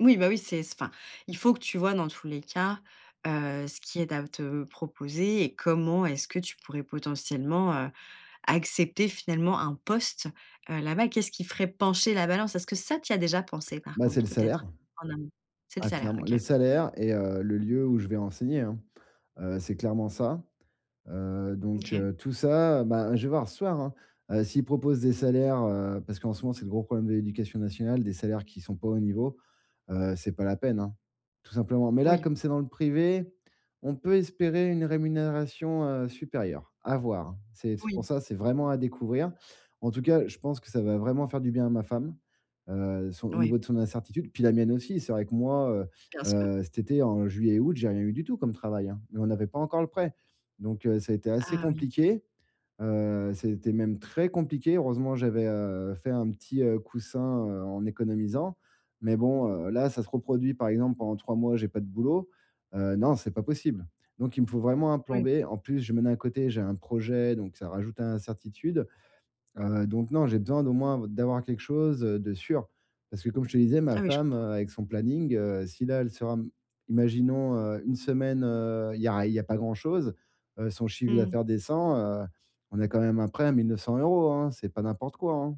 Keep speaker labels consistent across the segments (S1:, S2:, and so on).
S1: Oui, bah, oui, c'est s enfin, il faut que tu vois, dans tous les cas, heu, ce qui aide à te proposer et comment est-ce que tu pourrais potentiellement, heu, accepter finalement un poste heu, là-bas? Qu'est-ce qui ferait pencher la balance? Est-ce que ça tu y as déjà pensé par
S2: Bah, c'est
S1: contre,
S2: le salaire.
S1: peut-être en amont? C'est le
S2: Ah
S1: salaire.
S2: clairement. Le
S1: OK.
S2: salaire et, heu, le lieu où je vais enseigner hein, heu, c'est clairement ça. Heu, donc
S1: OK.
S2: heu, tout ça, bah je vais voir ce soir hein, heu, s'ils proposent des salaires heu parce qu'en ce moment, c'est le gros problèmes de l'éducation nationale, des salaires qui sont pas au niveau, heu, c'est pas la peine hein. Tout simplement. Mais là,
S1: Oui.
S2: comme c'est dans le privé, on peut espérer une rémunération, heu, supérieure, à voir hein. C'est c'est pour
S1: Oui.
S2: ça, c'est vraiment à découvrir. En tout cas, je pense que ça va vraiment faire du bien à ma femme, heu, son au
S1: Ouais.
S2: niveau de son incertitude, puis la mienne aussi. C'est vrai que moi,
S1: Bien
S2: heu,
S1: sûr.
S2: heu, cet été en juillet, août, j'ai rien eu du tout comme travail, hein, mais on n'avait pas encore le prêt. Donc, heu, ça a été assez
S1: Ah oui.
S2: compliqué, heu, c'était même très compliqué. Heureusement j'avais, heu, fait un petit, heu, coussin, heu, en économisant, mais bon, heu, là, ça se reproduit, par exemple, pendant 3 mois, j'ai pas de boulot. Heu, non c'est pas possible. Donc, il me faut vraiment un plan
S1: Oui.
S2: B, en plus je mène à côté j'ai un projet, donc ça rajoute à l'incertitude. Heu, donc non, j'ai besoin d'au moins b d'avoir quelque chose, heu, de sûr. Parce que comme je te disais, ma
S1: Ah oui, je
S2: femme,
S1: comprends.
S2: heu, avec son planning, heu, si là, elle sera m imaginons, heu, 1 semaine, heu, il y a ri il y a pas grand-chose, heu, son chiffre
S1: Mmh.
S2: d'affaires descend, heu, on a quand même un prêt à 1 900 € hein. C'est pas n'importe quoi hein.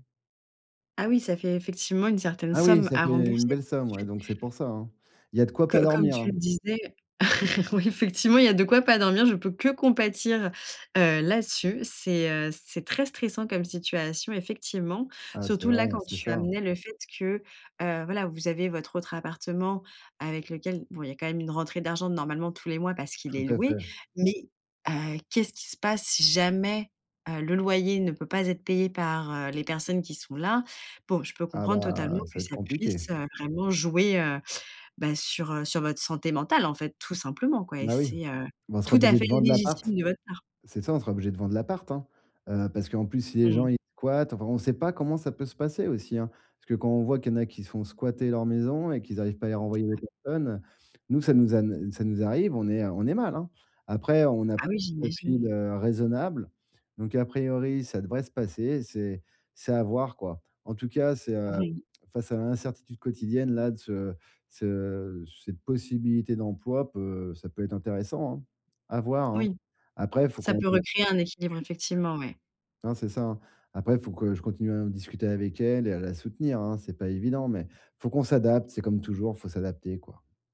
S1: Ah oui, ça fait effectivement une certaine
S2: Ah oui,
S1: somme
S2: ça
S1: à
S2: fait une
S1: rembourser
S2: belle somme, ouais.
S1: ensuite.
S2: Donc, c'est pour ça hein. Il y a de quoi pas
S1: Co comme
S2: dormir
S1: tu
S2: hein.
S1: le disais Oui, effectivement, il y a de quoi pas dormir. Je peux que compatir, heu, là-dessus. C'est, heu, c'est très stressant comme situation, effectivement.
S2: Ah, c'est
S1: Surtout là
S2: vrai, heu,
S1: quand
S2: c'est
S1: tu
S2: ça hein.
S1: amenais le fait que, heu, voilà, vous avez votre autre appartement avec lequel bon il y a quand même une rentrée d'argent normalement tous les mois parce qu'il
S2: Tout
S1: est
S2: à
S1: loué.
S2: fait.
S1: Mais, heu, qu'est-ce qui se passe si jamais, heu, le loyer ne peut pas être payé par, heu, les personnes qui sont là? Bon, je peux
S2: Ah,
S1: comprendre totalement
S2: bah, ça
S1: que
S2: va être
S1: ça
S2: compliqué.
S1: puisse, heu, vraiment jouer, heu, bah, sur, heu, sur votre santé mentale, en fait, tout simplement quoi et
S2: Bah oui.
S1: c'est, heu,
S2: Bah on sera
S1: tout à
S2: obligé
S1: fait
S2: de vendre l'appart.
S1: légitime de votre part.
S2: C'est ça, on sera obligé de vendre l'appart hein, heu, parce qu'en plus, si
S1: Mmh
S2: les gens,
S1: mh.
S2: ils squattent. Enfin on sait pas comment ça peut se passer aussi hein. Parce que quand on voit qu'il y en a qui se font squatter leur maison et qu'ils arrivent pas à les renvoyer les personnes. Nous, ça nous ane ça nous arrive, on est, heu, on est mal hein. Après, on a
S1: Ah
S2: pris
S1: oui,
S2: un
S1: j'imagine.
S2: profil, heu, raisonnable, donc à priori, ça devrait se passer, c'est c'est à voir quoi. En tout cas, c'est, heu
S1: Mmh mh.
S2: face à l'incertitude quotidienne-là, de ce de ce cette possibilité d'emploi peut ça peut être intéressant hein. À voir hein.
S1: Oui,
S2: Après, faut
S1: ça
S2: qu'on
S1: peut
S2: voit.
S1: recréer un équilibre, effectivement, ouais.
S2: Hein, c'est ça hein. Après, faut que je continue à en discuter avec elle et à la soutenir hein, c'est pas évident, mais faut qu'on s'adapte. C'est comme toujours, faut s'adapter quoi.